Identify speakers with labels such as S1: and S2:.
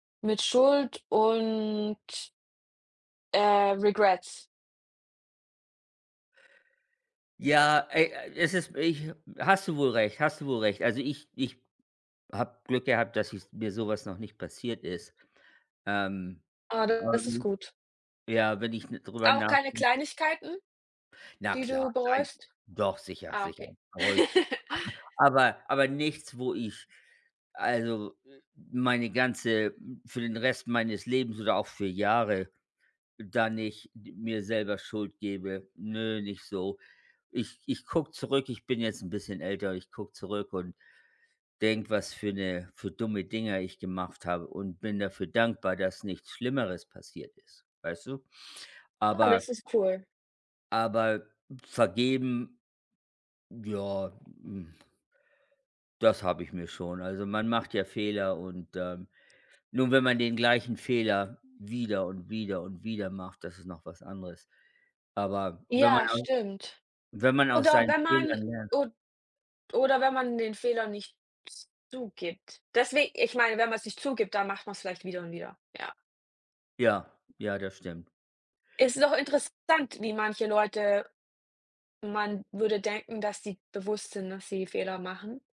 S1: Mit Schuld und äh, Regrets.
S2: Ja, ey, es ist ich hast du wohl recht hast du wohl recht. Also, ich ich habe Glück gehabt, dass ich mir so was noch nicht passiert ist. Ähm,
S1: Ah, da das ist
S2: [unintelligible]
S1: gut.
S2: ja, wenn ich n drüber
S1: Auch keine
S2: nachdenke
S1: Kleinigkeiten,
S2: Na
S1: die
S2: klar
S1: du
S2: nein
S1: bereust?
S2: doch sicher
S1: Ah, okay.
S2: sicher. Bereue ich. Aber aber nichts, wo ich also, meine ganze für den Rest meines Lebens oder auch für Jahre da nicht mir selber Schuld gebe. Nö, nicht so. Ich ich gucke zurück, ich bin jetzt 'n bisschen älter ich gucke zurück und denke, was für 'ne für dumme Dinger ich gemacht habe und bin dafür dankbar, dass nichts Schlimmeres passiert ist. Weißt du,
S1: Ah,
S2: aber
S1: das ist cool.
S2: aber vergeben, ja, hm das habe ich mir schon. Also, man macht ja Fehler und, ähm, nur, wenn man den gleichen Fehler wieder und wieder und wieder macht, das ist noch was anderes. Aber wenn man
S1: Ja,
S2: aus
S1: stimmt.
S2: wenn man aus
S1: Oder
S2: seinen
S1: wenn man
S2: Fehlern lernt
S1: od oder wenn man den Fehler nicht z zugibt. Deswe ich meine, wenn man's nicht zugibt, dann macht man's vielleicht wieder und wieder, ja.
S2: Ja. Ja, das stimmt.
S1: Es ist auch interessant, wie manche Leute man würde denken, dass die bewusst sind, dass sie Fehler machen.